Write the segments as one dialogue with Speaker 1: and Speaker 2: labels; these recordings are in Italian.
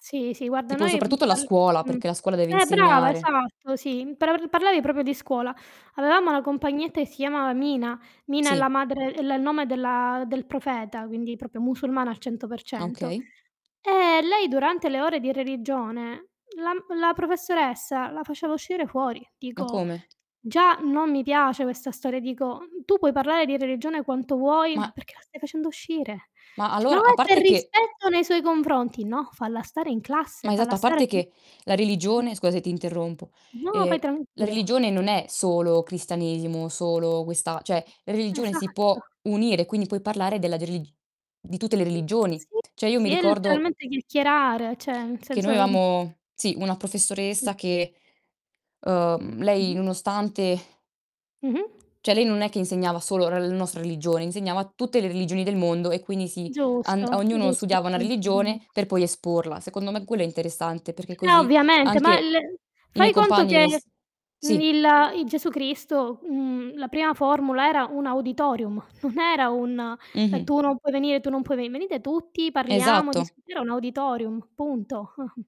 Speaker 1: Sì, sì, guarda
Speaker 2: Tipo
Speaker 1: noi, mhmm,
Speaker 2: soprattutto la
Speaker 1: parl
Speaker 2: scuola,
Speaker 1: mh.
Speaker 2: perché la scuola deve
Speaker 1: Eh, brava,
Speaker 2: insegnare.
Speaker 1: esatto, sì, mhmm. Per parlavi proprio di scuola. Avevamo una compagnetta che si chiamava Mina. Mina è la
Speaker 2: Sì.
Speaker 1: madre è il nome della del profeta, quindi proprio musulmana al 100%.
Speaker 2: Okay.
Speaker 1: Ehm, lei durante le ore di religione, la m la professoressa la faceva uscire fuori.
Speaker 2: Ma
Speaker 1: Dico
Speaker 2: come?
Speaker 1: già non mi piace questa storia, dico, mhmm: "Tu puoi parlare di religione quanto vuoi, ma
Speaker 2: Ma
Speaker 1: perché la stai facendo uscire?"
Speaker 2: ma
Speaker 1: C "No,
Speaker 2: allora
Speaker 1: è
Speaker 2: a
Speaker 1: per
Speaker 2: parte che
Speaker 1: rispetto nei suoi confronti". No, falla stare in classe,
Speaker 2: Ma
Speaker 1: falla
Speaker 2: esatto, a
Speaker 1: stare
Speaker 2: parte
Speaker 1: qui.
Speaker 2: che la religione, scusa se ti interrompo
Speaker 1: No,
Speaker 2: ehm,
Speaker 1: vai tran
Speaker 2: la
Speaker 1: pure.
Speaker 2: religione non è solo cristianesimo, solo questa cioè, religione si
Speaker 1: Esatto.
Speaker 2: può unire, quindi puoi parlare della delig di tutte le religioni.
Speaker 1: Sì,
Speaker 2: Cioè io mi
Speaker 1: sì, è
Speaker 2: ricordo
Speaker 1: letteralmente chiacchierare, cioè nel
Speaker 2: che
Speaker 1: senso,
Speaker 2: noi
Speaker 1: mhmm
Speaker 2: avevamo sì una
Speaker 1: Mh.
Speaker 2: professoressa che, uhm, lei
Speaker 1: Mh-mh.
Speaker 2: nonostante
Speaker 1: Mh-mh.
Speaker 2: cioè lei non è che insegnava solo la n nostra religione, insegnava tutte le religioni del mondo e quindi sì, and
Speaker 1: Giusto,
Speaker 2: ognuno
Speaker 1: giusto, lo
Speaker 2: studiava una
Speaker 1: sa molto bene.
Speaker 2: religione per poi esporla. Secondo me quello è interessante perché
Speaker 1: Eh,
Speaker 2: così,
Speaker 1: ovviamente, ma
Speaker 2: anche
Speaker 1: il
Speaker 2: i miei
Speaker 1: fai conto che,
Speaker 2: compagni s
Speaker 1: mhmm,
Speaker 2: sì.
Speaker 1: il i Gesù Cristo, mhmm, la prima formula era un auditorium, non era un, ehm:
Speaker 2: Mh-mh.
Speaker 1: "Tu non puoi venire, tu non puoi veni" "venite tutti, parliamo,
Speaker 2: Esatto.
Speaker 1: discut" era un auditorium, punto.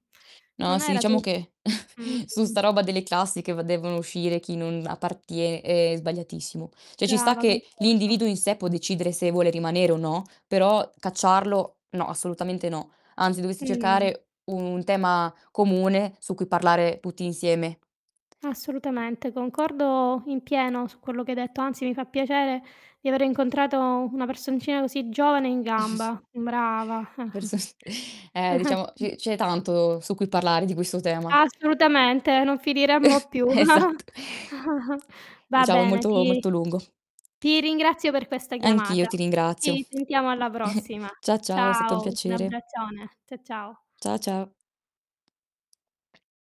Speaker 2: No,
Speaker 1: Non
Speaker 2: sì
Speaker 1: era tu
Speaker 2: diciamo che su
Speaker 1: mh-mh.
Speaker 2: 'sta roba delle classi che v devono uscire chi non appartie è sbagliatissimo. Cioè ci sta
Speaker 1: Brava,
Speaker 2: che
Speaker 1: concordo.
Speaker 2: l'individuo in sé può decidere se vuole rimanere o no, però cacciarlo no, assolutamente no. Anzi, dovresti
Speaker 1: Mh.
Speaker 2: cercare un tema comune, su cui parlare tutti insieme.
Speaker 1: Assolutamente, concordo in pieno su quello che hai detto, anzi mi fa piacere di avere incontrato una personcina così giovane e in gamba. Brava.
Speaker 2: Per sos Ehm, diciamo c c'è tanto su cui parlare di questo tema.
Speaker 1: Assolutamente, non finiremmo più.
Speaker 2: Esatt
Speaker 1: Va
Speaker 2: Diciamo è
Speaker 1: bene,
Speaker 2: molto,
Speaker 1: ti
Speaker 2: molto lungo.
Speaker 1: ti ringrazio per questa
Speaker 2: Anch'io
Speaker 1: chiamata.
Speaker 2: ti ringrazio.
Speaker 1: Ci sentiamo alla prossima.
Speaker 2: Cia ciao, è stato un
Speaker 1: Ciao, un
Speaker 2: piacere.
Speaker 1: abbraccione. Cia ciao.
Speaker 2: Cia ciao.